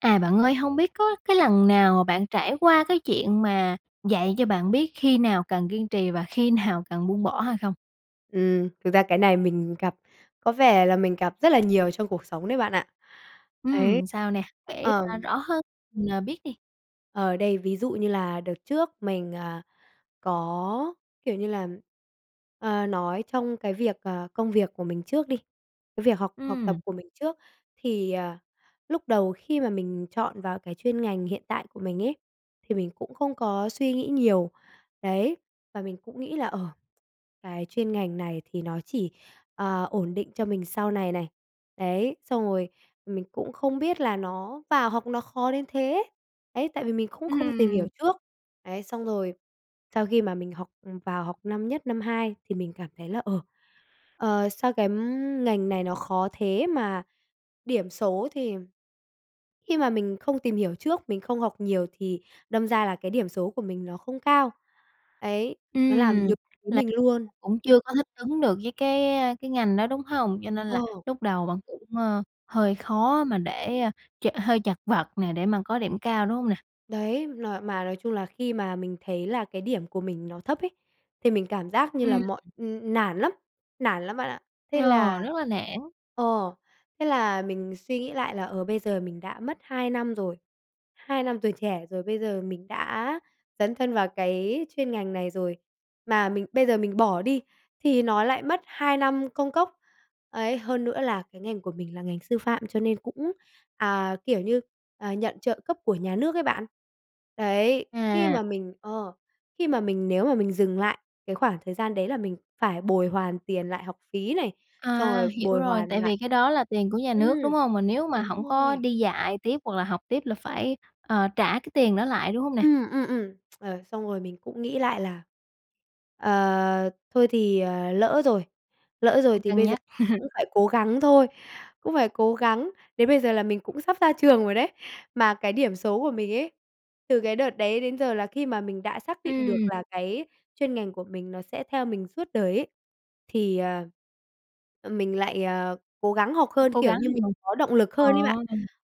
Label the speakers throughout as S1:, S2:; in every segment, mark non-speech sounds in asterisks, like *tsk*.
S1: À, bạn ơi, hông biết có cái lần nào mà bạn trải qua cái chuyện mà dạy cho bạn biết khi nào cần kiên trì và khi nào cần buông bỏ hay không?
S2: Ừm, thực ra cái này mình gặp có vẻ là mình gặp rất là nhiều trong cuộc sống đấy bạn ạ. Đấy.
S1: Ừm, sao nè? Kể ra
S2: Ờm.
S1: rõ hơn mình, à, biết đi!
S2: Ờ, đây, ví dụ như là đợt trước mình, à, có, kiểu như là ờ, nói trong cái việc, ờ, công việc của mình trước đi cái việc học học tập
S1: Ừm.
S2: của mình trước. Thì, ờ, lúc đầu khi mà mình chọn vào cái chuyên ngành hiện tại của mình ấy, thì mình cũng không có suy nghĩ nhiều, đấy, và mình cũng nghĩ là, ờ, cái chuyên ngành này thì nó chỉ, ờ, ổn định cho mình sau này này, đấy. Xong rồi mình cũng không biết là nó vào học nó khó đến thế, đấy, tại vì mình cũng không tìm hiểu
S1: Ừm.
S2: trước. Đấy, xong rồi sau khi mà mình học vào học năm nhất, năm hai thì mình cảm thấy là, ờ, ờ, sao cái ngành này nó khó thế mà điểm số thì khi mà mình không tìm hiểu trước, mình không học nhiều thì đâm ra là cái điểm số của mình nó không cao, ấy. Nó làm
S1: Ừm.
S2: nhụt chí
S1: Là
S2: mình luôn.
S1: cũng chưa có thích ứng được với cái cái ngành đó, đúng hông? Cho nên là
S2: Ờ.
S1: lúc đầu bạn cũng, ờ, hơi khó mà để ch hơi chật vật nè, để mà có điểm cao, đúng hông nè?
S2: Đấy, nòi mà nói chung là khi mà mình thấy là cái điểm của mình nó thấp ấy, thì mình cảm giác như là
S1: Ừm.
S2: mọi ưm, ưm, nản lắm, nản lắm bạn ạ. Thế
S1: Ờ,
S2: là
S1: rất là nản.
S2: ờ, thế là mình suy nghĩ lại là, ờ, bây giờ mình đã mất 2 năm rồi. Hai năm tuổi trẻ rồi bây giờ mình đã dấn thân vào cái chuyên ngành này rồi, mà mình bây giờ mình bỏ đi thì nó lại mất 2 năm công cốc. Ấy, hơn nữa là cái ngành của mình là ngành sư phạm cho nên cũng, à, kiểu như, à, nhận trợ cấp của nhà nước ấy bạn. Đấy, khi
S1: À.
S2: mà mình ờ, khi mà mình nếu mà mình dừng lại cái khoảng thời gian đấy là mình phải bồi hoàn tiền lại học phí này, xong
S1: À,
S2: rồi
S1: hiểu
S2: bồi
S1: rồi,
S2: hoàn
S1: tại
S2: lại
S1: vì cái đó là tiền của nhà
S2: ừm,
S1: nước, đúng hông? Mà nếu mà
S2: đúng
S1: hổng có
S2: rồi.
S1: đi dạy tiếp hoặc là học tiếp là phải, ờ, trả cái tiền đó lại, đúng hông nè?
S2: Ừm, ừm, ừm, *tsk* ờ, xong rồi mình cũng nghĩ lại là, ờ, thôi thì, à, lỡ rồi lỡ rồi
S1: Ừm.
S2: thì
S1: Cân
S2: bây giờ
S1: nhắc. *laughs*
S2: cũng phải cố gắng thôi cũng phải cố gắng, đến bây giờ là mình cũng sắp ra trường rồi đấy. Mà cái điểm số của mình ấy, từ cái đợt đấy đến giờ là khi mà mình đã xác định được
S1: Ừm.
S2: là cái chuyên ngành của mình nó sẽ theo mình suốt đời ấy, thì, ờ, mình lại, ờ, cố gắng học
S1: Có
S2: hơn,
S1: cố
S2: kiểu
S1: gắng
S2: như, mình
S1: thì mừng,
S2: có động lực
S1: ờ.
S2: hơn ấy bạn.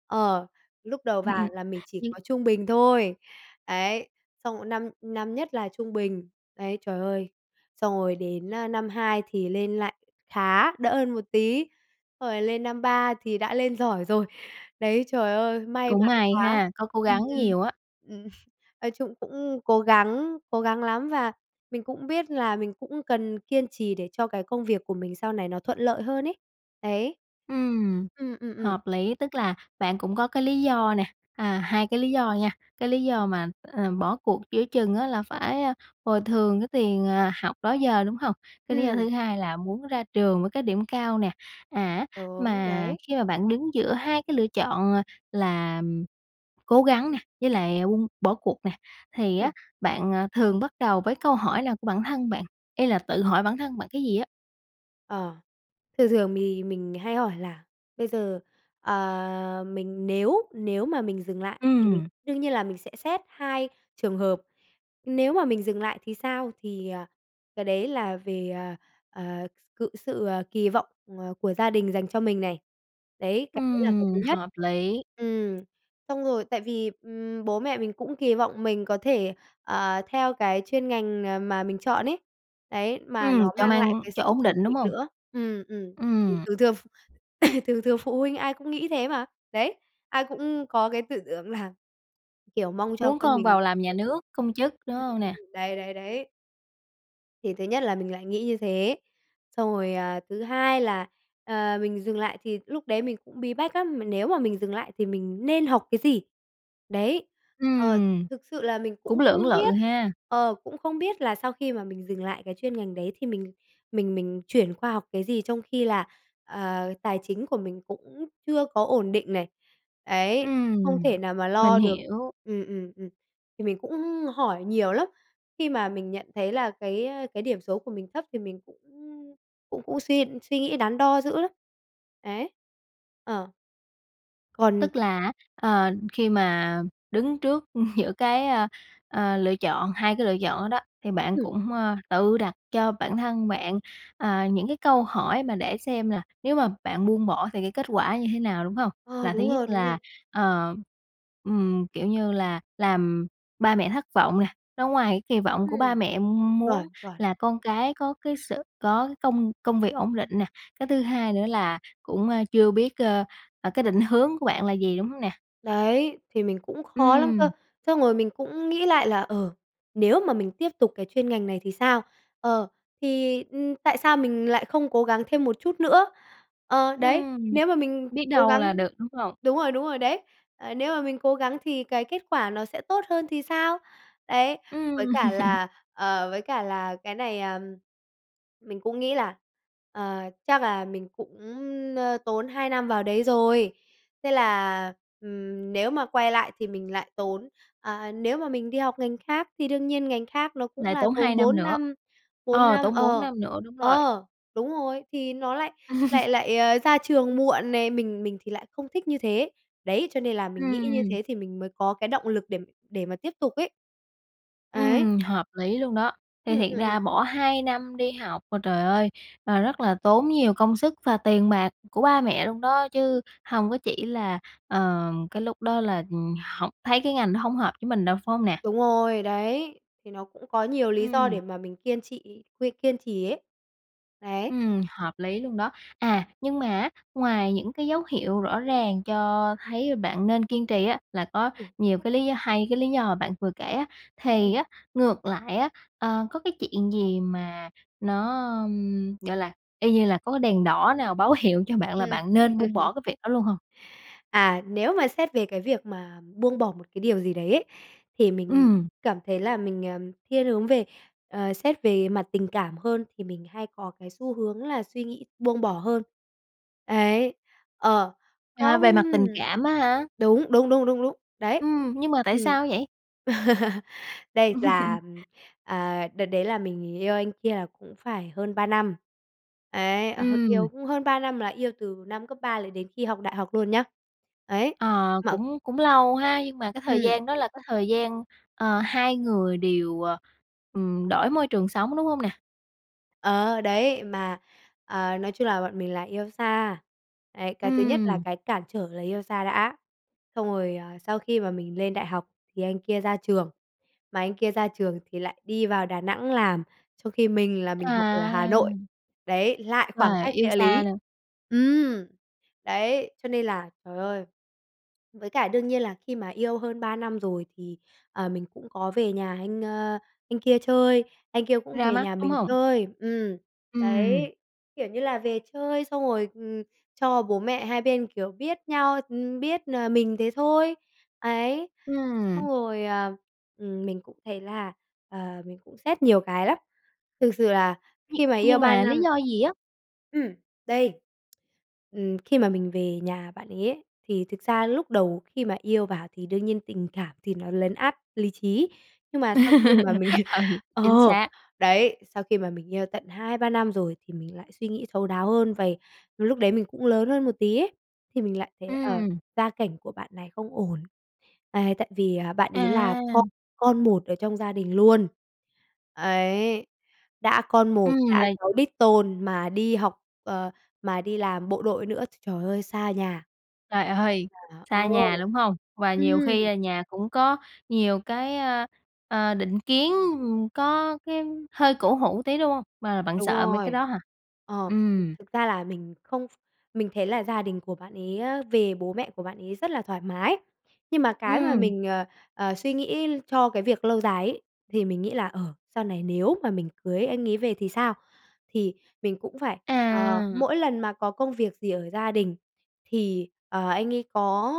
S2: Ờ, lúc đầu
S1: Ừm, ừm,
S2: vào là mình chỉ
S1: nhưng
S2: có trung bình thôi, ấy, xong 1 năm năm nhất là trung bình, ấy, trời ơi. Xong rồi đến, ơ, năm 2 thì lên lại khá, đỡ hơn một tí, xong rồi lên năm 3 thì đã lên giỏi rồi. Đấy, trời ơi, may
S1: Cũng
S2: mắn
S1: may
S2: quá.
S1: ha, có cố
S2: Ừm,
S1: gắng
S2: ừm,
S1: nhiều á.
S2: ừm, nói chung cũng cố gắng cố gắng lắm, và mình cũng biết là mình cũng cần kiên trì để cho cái công việc của mình sau này nó thuận lợi hơn ấy, đấy.
S1: Ừm,
S2: Ừm, ừm, ừm.
S1: hợp lý, tức là bạn cũng có cái lý do nè, à, 2 cái lý do nha. Cái lý do mà, ờ, bỏ cuộc giữa chừng á là phải, a, bồi thường cái tiền, à, học đó giờ, đúng hông? Cái lý do
S2: Ừm.
S1: thứ hai là muốn ra trường với cái điểm cao nè, à,
S2: Đúng,
S1: mà
S2: đấy.
S1: khi mà bạn đứng giữa 2 cái lựa chọn là cố gắng nè, với lại ung bỏ cuộc nè, thì
S2: Ừm.
S1: á, bạn, ờ, thường bắt đầu với câu hỏi nào của bản thân bạn, ý là tự hỏi bản thân bạn cái gì á?
S2: Ờ, thường thường thì mình hay hỏi là: "Bây giờ, à, mình nếu nếu mà mình dừng lại thì mình"
S1: Ừm.
S2: đương nhiên là mình sẽ xét 2 trường hợp. "Nếu mà mình dừng lại thì sao?" Thì, ờ, cái đấy là về, ờ, ờ, cự sự, ờ, kỳ vọng, ờ, của gia đình dành cho mình này. Đấy, cái đấy là cái
S1: Ừm,
S2: thứ nhất.
S1: hợp lý!
S2: Ừm, *tsk* xong rồi, tại vì, ừm, bố mẹ mình cũng kỳ vọng mình có thể, ờ, theo cái chuyên ngành, à, mà mình chọn ấy, đấy, mà nó
S1: Ừm, cho
S2: mang
S1: mang
S2: lại cái
S1: cho
S2: sự
S1: ổn
S2: ổn
S1: định, đúng
S2: định
S1: hông?
S2: nữa. Ừm, ừm.
S1: Ừm.
S2: Thường thường ph *coughs* thường thường phụ huynh ai cũng nghĩ thế mà. Đấy, ai cũng có cái tư tưởng là, kiểu, mong cho
S1: Muốn
S2: con
S1: con
S2: mình
S1: vào làm nhà
S2: ổn định.
S1: nước, công chức, đúng
S2: Ừm,
S1: hông
S2: ừm,
S1: nè?
S2: ừm. Đấy, đấy, đấy. Thì thứ nhất là mình lại nghĩ như thế. Xong rồi, à, thứ hai là, ờ, mình dừng lại thì lúc đấy mình cũng bí bách lắm, m nếu mà mình dừng lại thì mình nên học cái gì? Đấy, ờ,
S1: Ừm.
S2: thực sự là mình
S1: Cũng
S2: cũng không
S1: lưỡng lự
S2: biết,
S1: ha.
S2: ờ, cũng không biết là sau khi mà mình dừng lại cái chuyên ngành đấy thì mình mình mình chuyển qua học cái gì trong khi là, ờ, tài chính của mình cũng chưa có ổn định này, ấy, không
S1: Ừm,
S2: thể nào mà
S1: mình
S2: lo được
S1: hiểu.
S2: ừm, ừm, ừm. Thì mình cũng hỏi nhiều lắm, khi mà mình nhận thấy là cái ơ, cái điểm số của mình thấp thì mình cũng cũng cũng suy suy nghĩ đắn đo dữ lắm. Ấy, ờ. Còn
S1: Tức là á, ờ, khi mà đứng trước giữa cái, ờ, ờ, lựa chọn, 2 cái lựa chọn đó đó thì bạn
S2: Ừm.
S1: cũng, ơ, tự đặt cho bản thân bạn, ờ, những cái câu hỏi mà để xem là nếu mà bạn buông bỏ thì cái kết quả như thế nào, đúng hông?
S2: Ờ,
S1: Là thứ
S2: đúng
S1: nhất
S2: rồi, đúng
S1: là,
S2: rồi.
S1: ờ, ừm, kiểu như là, làm ba mẹ thất vọng nè, nó ngoài cái kỳ vọng của ba
S2: Ừm,
S1: mẹ muốn
S2: chuẩn, chuẩn.
S1: là con cái có cái sự có cái công công việc ổn định nè, cái thứ hai nữa là cũng, ơ, chưa biết, ơ, ờ, cái định hướng của bạn là gì, đúng hông nè?
S2: Đấy, thì mình cũng khó lắm cơ,
S1: Ừm.
S2: xong rồi mình cũng nghĩ lại là: "Ờ, nếu mà mình tiếp tục cái chuyên ngành này thì sao? Ờ, thì, ừm, tại sao mình lại không cố gắng thêm một chút nữa?" Ờ, đấy.
S1: Ừm,
S2: Nếu mà mình
S1: biết
S2: cố
S1: đâu
S2: gắng
S1: là được, đúng không?
S2: đúng rồi, đúng rồi, đấy, ờ. "Nếu mà mình cố gắng thì cái kết quả nó sẽ tốt hơn thì sao?" Đấy, với
S1: Ừm.
S2: cả
S1: *laughs*
S2: là ờ, với cả là cái này, à, ờm, mình cũng nghĩ là "Ờ, chắc là mình cũng, ơ, tốn 2 năm vào đấy rồi." Thế là, ừm, nếu mà quay lại thì mình lại tốn ờ, nếu mà mình đi học ngành khác thì đương nhiên ngành khác nó cũng
S1: Lại
S2: là
S1: tốn 2
S2: tốn
S1: năm
S2: 4
S1: nữa?
S2: năm, 4
S1: Ờ,
S2: năm
S1: tốn 4
S2: ờ.
S1: năm nữa, đúng rồi.
S2: Ờ, đúng rồi, thì nó lại
S1: *laughs*
S2: lại lại, ơ, ra trường muộn nè, mình mình thì lại không thích như thế. Đấy, cho nên là mình nghĩ như
S1: Ừm.
S2: thế thì mình mới có cái động lực để để mà tiếp tục ấy. Ấy.
S1: Ừm, hợp lý luôn đó. Thì
S2: Ừm,
S1: thiệt
S2: ừm,
S1: ra
S2: ừm.
S1: bỏ 2 năm đi học mà trời ơi, và rất là tốn nhiều công sức và tiền bạc của ba mẹ luôn đó, chứ hông có chỉ là, ờ, cái lúc đó là hổng thấy cái ngành đó hông hợp với mình đâu, phải hông nè?
S2: Đúng rồi, đấy, thì nó cũng có nhiều lý do
S1: Ừm.
S2: để mà mình kiên trị quên, kiên trì ấy. Đấy.
S1: Ừm, hợp lý luôn đó. À, nhưng mà á, ngoài những cái dấu hiệu rõ ràng cho thấy bạn nên kiên trì á là có
S2: Ừm.
S1: nhiều cái lý do, hay cái lý do mà bạn vừa kể á,
S2: Ừm.
S1: thì á, ngược lại á, ờ, có cái chuyện gì mà nó, ừm, gọi là, y như là có cái đèn đỏ nào báo hiệu cho bạn là
S2: Ừm.
S1: bạn nên buông bỏ cái
S2: *laughs*
S1: việc đó luôn hông?
S2: À, nếu mà xét về cái việc mà buông bỏ một cái điều gì đấy ấy, thì mình
S1: Ừm.
S2: cảm thấy là mình, ờm, thiên hướng về ờ, xét về mặt tình cảm hơn, thì mình hay có cái xu hướng là suy nghĩ buông bỏ hơn. Ấy. Ờ,
S1: À,
S2: không.
S1: về mặt tình cảm á ha?
S2: Đúng, đúng, đúng, đúng, đấy.
S1: Ừm, nhưng mà tại
S2: Ừm.
S1: sao vậy?
S2: *laughs* Đây là,
S1: *laughs*
S2: ừm, ờ, đợt đấy là mình yêu anh kia là cũng phải hơn 3 năm. Ấy, ờ,
S1: Ừm.
S2: yêu cũng hơn 3 năm là yêu từ năm cấp 3 là đến khi học đại học luôn nhá. Ấy,
S1: Ờ,
S2: mà
S1: cũng cũng lâu ha, nhưng mà cái thời
S2: Ừm.
S1: gian đó là cái thời gian, ờ, hai người đều, ờ, ừm, đổi môi trường sống, đúng hông nè?
S2: Ờ, đấy, mà, ờ, nói chung là bọn mình là yêu xa. Đấy, cái thứ nhất là
S1: Ừm.
S2: cái cản trở là yêu xa đã. Xong rồi, ờ, sau khi mà mình lên đại học thì anh kia ra trường, mà anh kia ra trường thì lại đi vào Đà Nẵng làm, trong khi mình là mình học ở Hà Nội.
S1: À.
S2: Đấy, lại khoảng
S1: Và
S2: cách
S1: yêu
S2: địa
S1: xa
S2: lý.
S1: nữa.
S2: Ừm, đấy, cho nên là trời ơi. Với cả đương nhiên là khi mà yêu hơn 3 năm rồi thì, ờ, mình cũng có về nhà anh, ơ, anh kia chơi, anh kia cũng
S1: Ra
S2: về
S1: mắt,
S2: nhà
S1: đúng
S2: mình
S1: hông?
S2: chơi. Ừm,
S1: Ừm.
S2: đấy, kiểu như là về chơi xong rồi, ừm, cho bố mẹ hai bên, kiểu, biết nhau, ừm, biết, ờ, mình thế thôi. Ấy,
S1: Ừm.
S2: xong rồi, à, ừm, mình cũng thấy là, ờ, mình cũng xét nhiều cái lắm. Thực sự là
S1: Nh
S2: khi mà yêu
S1: nhưng
S2: 3
S1: mà lý
S2: năm
S1: do gì á?
S2: Ừm. Đây. Ừm, khi mà mình về nhà bạn ấy ấy, thì thực ra lúc đầu khi mà yêu vào thì đương nhiên tình cảm thì nó lấn át lý trí. Nhưng mà sau khi mà mình
S1: *laughs* Ừ,
S2: *laughs*
S1: chính
S2: ờ,
S1: xác.
S2: đấy, sau khi mà mình yêu tận 2-3 năm rồi thì mình lại suy nghĩ thấu đáo hơn vầy. Lúc đấy mình cũng lớn hơn một tí ấy, thì mình lại thấy, ờ,
S1: Ừm.
S2: gia cảnh của bạn này không ổn, à, tại vì, à, bạn ấy là con
S1: À.
S2: con một ở trong gia đình luôn. Ấy, đã con một,
S1: Ừm,
S2: đã
S1: là
S2: cháu đích tôn mà đi học, ờ, mà đi làm bộ đội nữa, tr trời ơi, xa nhà.
S1: Trời ơi!
S2: Là
S1: Xa
S2: Ờ.
S1: nhà, đúng hông? Và nhiều khi
S2: Ừm.
S1: là nhà cũng có nhiều cái, ơ, ờ, định kiến, ừm, có cái hơi cổ hủ tí, đúng hông? Và bạn
S2: Đúng
S1: sợ mấy cái
S2: rồi.
S1: đó hả?
S2: Ờ, thực
S1: Ừm.
S2: thực ra là mình không ph mình thấy là gia đình của bạn ấy á, về bố mẹ của bạn ấy rất là thoải mái. Nhưng mà cái mà
S1: Ừm.
S2: mình, ờ, ờ, suy nghĩ cho cái việc lâu dài ấy, thì mình nghĩ là, ờ, sau này nếu mà mình cưới anh ấy về thì sao? Thì mình cũng phải, ờ,
S1: À.
S2: mỗi lần mà có công việc gì ở gia đình thì, ờ, anh ấy có,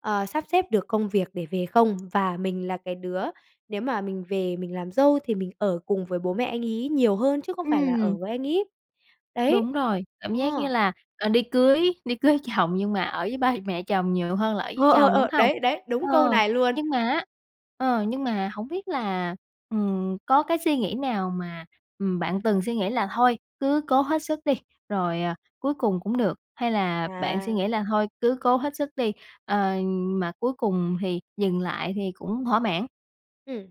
S2: ờ, sắp xếp được công việc để về không? Và mình là cái đứa nếu mà mình về mình làm dâu thì mình ở cùng với bố mẹ anh ấy nhiều hơn chứ không phải là
S1: Ừm.
S2: ở với anh ấy. Đấy!
S1: Đúng rồi. Cảm
S2: Ờ.
S1: giác như là, ờ, đi cưới đi cưới chồng nhưng mà ở với ba mẹ chồng nhiều hơn là ở với
S2: Ờ, ờ,
S1: chồng, đúng
S2: ờ,
S1: hông?
S2: đấy, đấy, đúng
S1: Ờ,
S2: câu này luôn.
S1: nhưng mà á, ờ, nhưng mà hổng biết là, ừm, có cái suy nghĩ nào mà, ừm, bạn từng suy nghĩ là thôi cứ cố hết sức đi rồi, à, cuối cùng cũng được, hay là bạn suy
S2: À.
S1: nghĩ là thôi cứ cố hết sức đi, ờ, mà cuối cùng thì dừng lại thì cũng thỏa mãn?
S2: Ừm.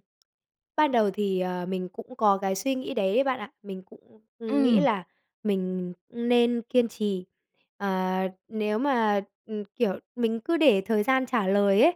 S2: Ban đầu thì, ờ, mình cũng có cái suy nghĩ đấy ấy bạn ạ. Mình cũng, ừm, nghĩ
S1: Ừm.
S2: là mình nên kiên trì, ờ, nếu mà, ừm, kiểu, mình cứ để thời gian trả lời ấy.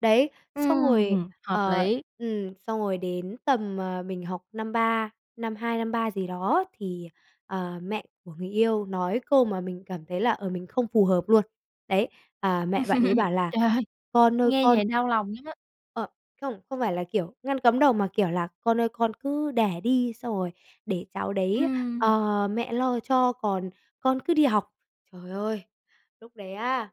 S2: Đấy, xong rồi,
S1: Ừm, hợp
S2: ờ,
S1: lý!
S2: ừm, xong rồi đến tầm, ờ, mình học năm 3, năm 2 năm 3 gì đó thì, ờ, mẹ của người yêu nói câu mà mình cảm thấy là, ờ, mình không phù hợp luôn. Đấy, à mẹ bạn ấy
S1: *laughs*
S2: bảo là
S1: Trời ơi,
S2: "Con ơi
S1: nghe
S2: con"
S1: vậy đau lòng lắm á.
S2: Ờ, không, không phải là kiểu ngăn cấm đầu mà kiểu là "Con ơi con cứ đẻ đi xong rồi để cháu đấy,
S1: Ừm.
S2: ờ, mẹ lo cho còn con cứ đi học." Trời ơi, lúc đấy á,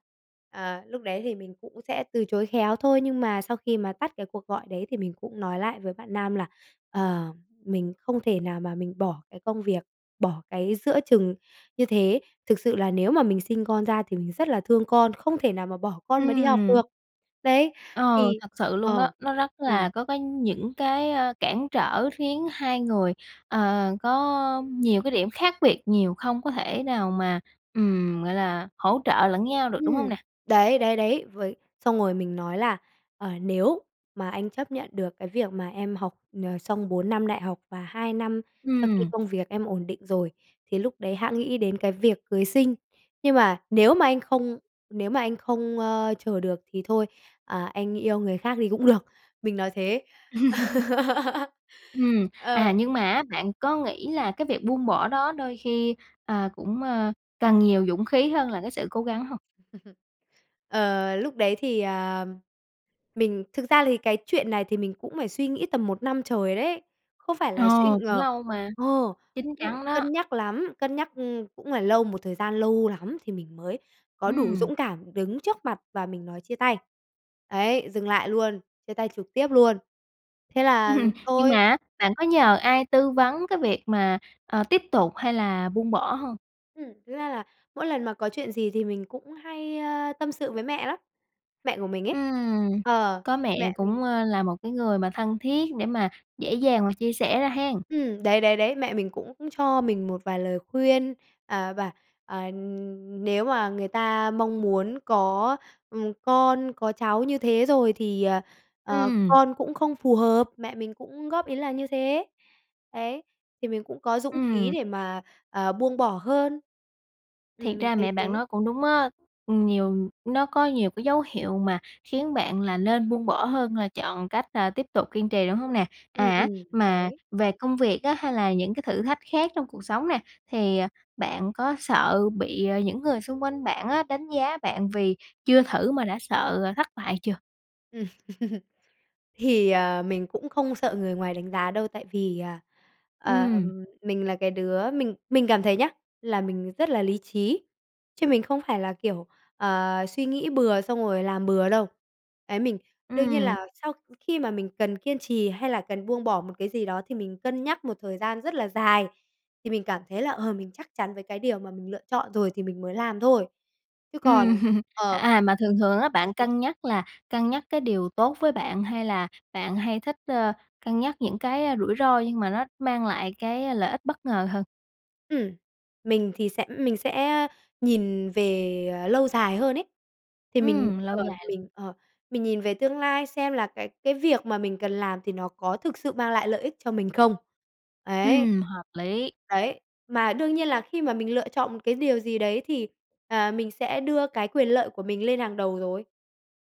S2: à, lúc đấy thì mình cũng sẽ từ chối khéo thôi, nhưng mà sau khi mà tắt cái cuộc gọi đấy thì mình cũng nói lại với bạn nam là, ờ, mình không thể nào mà mình bỏ cái công việc, bỏ cái giữa chừng như thế. Thực sự là nếu mà mình sinh con ra thì mình rất là thương con, không thể nào mà bỏ con mà đi học
S1: Ừm.
S2: được. Đấy,
S1: Ờ,
S2: thì
S1: thật sự luôn đó,
S2: ờ,
S1: nó rất là
S2: ừm.
S1: có cái những cái, ờ, cản trở khiến hai người, ờ, có nhiều cái điểm khác biệt nhiều, không có thể nào mà, ừm, gọi là, hỗ trợ lẫn nhau được, đúng hông
S2: Ừm,
S1: nè?
S2: đấy, đấy, đấy, với xong rồi mình nói là, ờ, "Nếu mà anh chấp nhận được cái việc mà em học, ờ, xong 4 năm đại học và 2 năm sau khi
S1: Ừm.
S2: công việc em ổn định rồi, thì lúc đấy hẵng nghĩ đến cái việc cưới xin. Nhưng mà nếu mà anh không nếu mà anh không, ơ, chờ được thì thôi, à, anh yêu người khác thì cũng được." Mình nói thế.
S1: *laughs*
S2: *laughs*
S1: Ừm, à,
S2: Ờ.
S1: nhưng mà á bạn có nghĩ là cái việc buông bỏ đó đôi khi, ờ, cũng, ờ, cần nhiều dũng khí hơn là cái sự cố gắng hông?
S2: *laughs* Ờ, lúc đấy thì, ờ, mình thực ra thì cái chuyện này thì mình cũng phải suy nghĩ tầm 1 năm trời đấy, không phải
S1: Ờ,
S2: là suy
S1: cũng
S2: ngờ
S1: lâu mà,
S2: ờ,
S1: chín
S2: cũng
S1: chắn đó.
S2: cân nhắc lắm, cân nhắc, ừm, cũng phải lâu, một thời gian lâu lắm thì mình mới có đủ
S1: Ừm.
S2: dũng cảm đứng trước mặt và mình nói chia tay, ấy, dừng lại luôn, chia tay trực tiếp luôn. Thế là
S1: *laughs* Nhưng mà
S2: thôi.
S1: á bạn có nhờ ai tư vấn cái việc mà, ờ, tiếp tục hay là buông bỏ hông?
S2: Ừm, ra là mỗi lần mà có chuyện gì thì mình cũng hay, ơ, tâm sự với mẹ lắm, mẹ của mình ấy.
S1: Ừm,
S2: Ờ,
S1: có
S2: thì
S1: mẹ
S2: mẹ mình
S1: cũng, ơ, là một cái người mà thân thiết để mà dễ dàng và chia sẻ ra hen.
S2: Ừm, đấy, đấy, đấy, mẹ mình cũng cho mình một vài lời khuyên, à, và, à, nếu mà người ta mong muốn có, ừm, con, có cháu như thế rồi thì, ờ, ờ,
S1: Ừm.
S2: con cũng không phù hợp, mẹ mình cũng góp ý là như thế. Đấy, thì mình cũng có dũng khí
S1: Ừm.
S2: để mà, à, buông bỏ hơn.
S1: Thiệt
S2: Ừm, mình
S1: ra
S2: thấy
S1: mẹ bạn
S2: thế.
S1: nói cũng đúng á, ừm, nhiều nó có nhiều cái dấu hiệu mà khiến bạn là nên buông bỏ hơn là chọn cách, à, tiếp tục kiên trì, đúng hông nè?
S2: Ừ,
S1: À,
S2: ừm,
S1: mà
S2: đấy.
S1: về công việc á hay là những cái thử thách khác trong cuộc sống nè, thì bạn có sợ bị, ờ, những người xung quanh bạn á đánh giá bạn vì chưa thử mà đã sợ thất bại chưa?
S2: *laughs* Thì, à, mình cũng không sợ người ngoài đánh giá đâu tại vì, à, ờ,
S1: Ừm.
S2: mình là cái đứa mình mình cảm thấy nhá, là mình rất là lý trí, chứ mình không phải là kiểu, ờ, suy nghĩ bừa xong rồi làm bừa đâu. Đấy mình đương nhiên
S1: Ừm.
S2: là sau khi mà mình cần kiên trì hay là cần buông bỏ một cái gì đó thì mình cân nhắc một thời gian rất là dài. Thì mình cảm thấy là, ờ, mình chắc chắn với cái điều mà mình lựa chọn rồi thì mình mới làm thôi. Chứ còn
S1: Ừm, *laughs*
S2: ờ.
S1: à, mà thường thường á bạn
S2: *laughs*
S1: cân nhắc là cân nhắc cái điều tốt với bạn hay là bạn hay thích, ơ, cân nhắc những cái rủi ro, nhưng mà nó mang lại cái lợi ích bất ngờ hơn?
S2: Ừm, mình thì sẽ mình sẽ, ơ, nhìn về, ờ, lâu dài hơn ấy. Thì mình
S1: Ừm, lâu
S2: ờ,
S1: dài luôn.
S2: mình, ờ mình nhìn về tương lai xem là cái cái việc mà mình cần làm thì nó có thực sự mang lại lợi ích cho mình không? Đấy.
S1: Ừm, hợp lý.
S2: Đấy. Mà đương nhiên là khi mà mình lựa chọn một cái điều gì đấy thì, à, mình sẽ đưa cái quyền lợi của mình lên hàng đầu rồi.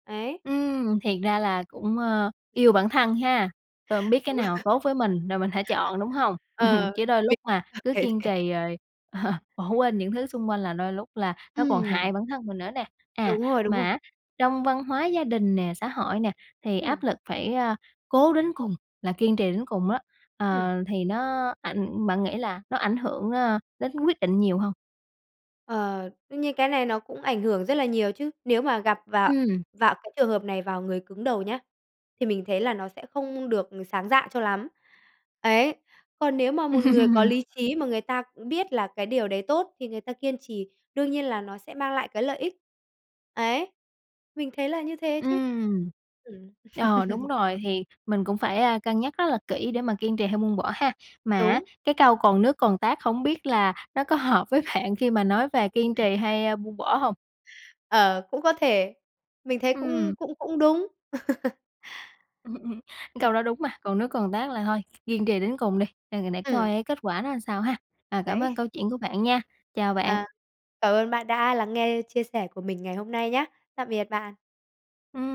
S2: Ấy.
S1: Ừm, thiệt ra là cũng, ơ, yêu
S2: *laughs*
S1: bản thân ha, tôi hông biết cái
S2: Đúng rồi.
S1: nào tốt với mình, rồi mình hãy chọn, đúng hông?
S2: Ờ,
S1: *laughs* Chứ đôi lúc
S2: mình
S1: mà
S2: cảm
S1: cứ
S2: thấy
S1: kiên
S2: thế.
S1: trì rồi *laughs* bỏ quên những thứ xung quanh là đôi lúc là nó còn hại
S2: Ừm.
S1: bản thân mình nữa nè. À,
S2: Đúng rồi, đúng rồi.
S1: mà á trong văn hóa gia đình nè, xã hội nè thì áp
S2: Ừm.
S1: lực phải, a, cố đến cùng, là kiên trì đến cùng á,
S2: Ừm.
S1: ờ, thì nó ảnh bạn nghĩ là nó ảnh hưởng, ơ, đến quyết định nhiều hông?
S2: Ờ, đương nhiên cái này nó cũng ảnh hưởng rất là nhiều chứ. Nếu mà gặp vào
S1: Ừm.
S2: vào cái trường hợp này vào người cứng đầu nhá, thì mình thấy là nó sẽ không được sáng dạ cho lắm. Ấy. Còn nếu mà một người có
S1: *laughs*
S2: lý trí mà người ta cũng biết là cái điều đấy tốt thì người ta kiên trì, đương nhiên là nó sẽ mang lại cái lợi ích. Ấy, mình thấy là như thế chứ.
S1: Ừm.
S2: Ừm.
S1: Ờ, đúng
S2: *laughs*
S1: rồi thì mình cũng, ơ, phải cân nhắc rất là kỹ để mà kiên trì hay buông bỏ ha. Mà á
S2: Đúng.
S1: cái câu "Còn nước còn tát" hông biết là nó có hợp với bạn khi mà nói về kiên trì
S2: *laughs*
S1: hay, ơ, buông bỏ hông?
S2: Ờ, cũng có thể, mình thấy cũng
S1: Ừm.
S2: cũng cũng đúng. *laughs*
S1: *laughs* Cái câu
S2: Ừm.
S1: đó đúng mà, còn nếu còn tát là thôi, kiên trì đến cùng đi, à, để
S2: Ừm.
S1: coi á kết quả nó làm sao ha! À, cảm
S2: Đấy.
S1: ơn câu chuyện của bạn nha. Chào bạn.
S2: À, cảm ơn bạn đã lắng nghe chia sẻ của mình ngày hôm nay nhá. Tạm biệt bạn.
S1: Ừm.